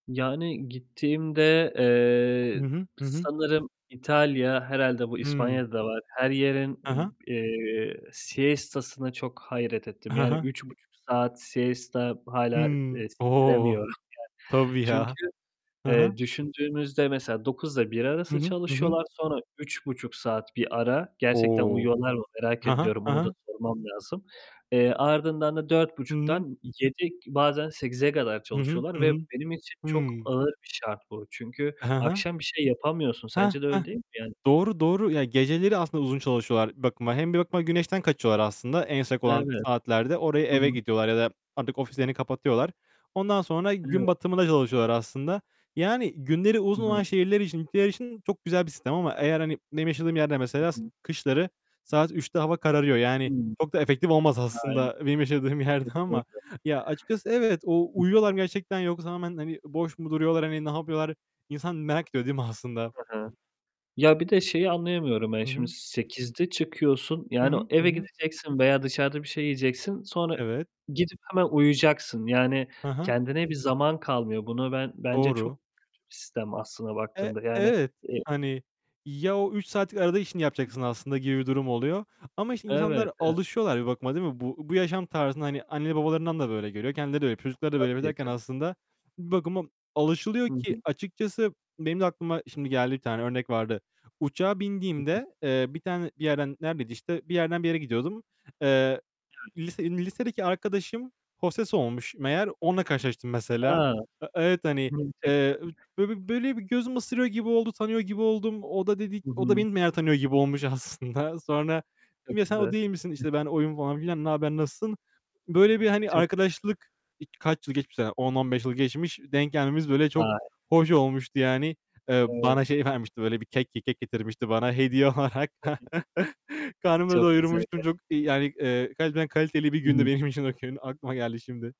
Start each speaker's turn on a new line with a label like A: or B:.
A: Yani, gittiğimde,
B: Hı
A: eee,
B: hı. Hı hı.
A: sanırım İtalya, herhâlde bu
B: Hıı.
A: İspanya'da da var, her yerin,
B: Hı hı.
A: ım eee, siesta'sına çok hayret ettim.
B: Hı
A: Yani,
B: hı.
A: 3,5 saat siesta hâlâ,
B: Hımm.
A: ııı,
B: O!
A: sindiremiyorum yani.
B: Tabii
A: Çünkü,
B: ya. Hı hı.
A: eee, düşündüğümüzde mesela 9 ile 1
B: Hı
A: arası
B: hı, hı hı.
A: çalışıyorlar, sonra 3,5 saat bir ara; gerçekten
B: O!
A: uyuyorlar mı, merak
B: Hı hı,
A: ediyorum,
B: hı
A: onu da
B: hı.
A: sormam lazım. Eee, ardından da dört
B: Hı hı.
A: buçuktan 7, bazen 8'e kadar
B: Hı hı.
A: çalışıyorlar
B: Hı
A: ve
B: hı.
A: benim için çok
B: Hıı.
A: ağır bir şart bu. Çünkü
B: Hı hı.
A: akşam bir şey yapamıyorsun.
B: Heh,
A: Sence de
B: heh.
A: öyle değil mi yani?
B: Doğru, doğru. Ya, geceleri aslında uzun çalışıyorlar. Bak, ma hem bir bakıma güneşten kaçıyorlar aslında en sık olan
A: Evet,
B: saatlerde. Oraya
A: hı
B: eve
A: hı.
B: gidiyorlar ya da artık ofislerini kapatıyorlar. Ondan sonra gün
A: Evet.
B: batımında çalışıyorlar aslında. Yani, günleri
A: Hı
B: uzun olan
A: hı.
B: şehirler için, ülkeler için çok güzel bir sistem. Ama eğer, hani, benim yaşadığım yerde
A: Hı
B: mesela d
A: hı.
B: kışları saat 3'te hava kararıyor. Yani,
A: Hıı.
B: çok da efektif olmaz
A: Aynen.
B: aslında benim yaşadığım yerde ama.
A: Kesinlikle.
B: Ya, açıkçası evet, o
A: Hı hı.
B: uyuyorlar mı gerçekten yoksa hemen, hani, boş mu duruyorlar? Hani, ne yapıyorlar? İnsan merak ediyor değil mi aslında?
A: Hı hı. Ya, bir de şeyi anlayamıyorum ben
B: Hı
A: şimdi.
B: hı.
A: 8'de çıkıyorsun.
B: Hı
A: Yani,
B: hı, hı
A: eve
B: hı.
A: gideceksin veya dışarıda bir şey yiyeceksin, sonra
B: Evet.
A: gidip hemen uyuyacaksın. Yani,
B: Hı hı.
A: kendine bir zaman kalmıyor. Buna ben bence çok
B: Doğru.
A: kötü bir sistem aslında
B: E,
A: baktığında. Yani,
B: evet.
A: eee.
B: Hani, ya, o 3 saatlik arada işini yapacaksın aslında gibi bir durum oluyor. Ama işte,
A: Evet,
B: insanlar
A: evet.
B: alışıyorlar bir bakıma değil mi? Bu bu yaşam tarzına, hani, anne babalarından da böyle görüyor, kendileri de öyle, çocukları da böyle yapıyor
A: Tabii,
B: derken
A: tabii.
B: aslında bir bakıma alışılıyor
A: Hı
B: ki
A: hı.
B: açıkçası benim de aklıma şimdi geldi, bir tane örnek vardı. Uçağa
A: Hı hı.
B: bindiğimde, eee, bir tane, bir yerden, neredeydi işte, bir yerden bir yere gidiyordum. Eee,
A: Yani.
B: lise lisedeki arkadaşım hostes olmuş meğer. Onunla karşılaştım mesela.
A: A!
B: A, evet, hani, eee, ü
A: [unintelligible]
B: böyle bir böyle bir gözümü ısırıyor gibi oldu. Tanıyor gibi oldum. O da dedi,
A: Hı
B: o da
A: hı.
B: beni baya tanıyor gibi olmuş aslında. Sonra
A: Çok
B: dedim "Ya sen o
A: güzel.
B: değil misin?"
A: Hı.
B: İşte, "Ben oyum." falan filan, "Ne haber nasılsın?" Böyle bir, hani,
A: Çok güzel.
B: arkadaşlık, ik kaç yıl geçmiş aradan. 10, 15 yıl geçmiş, denk gelmemiz böyle çok
A: Vay!
B: hoş olmuştu yani. Eee, bana
A: Evet.
B: şey vermişti böyle bir kek eee, kek getirmişti bana hediye olarak.
A: [unintelligible]
B: Karnımı da
A: Çok güzel
B: doyurmuştum.
A: gerçekten.
B: Çok, yani, eee, gerçekten kaliteli bir
A: Hı
B: gündü
A: hı.
B: benim için o gün. Aklıma geldi şimdi.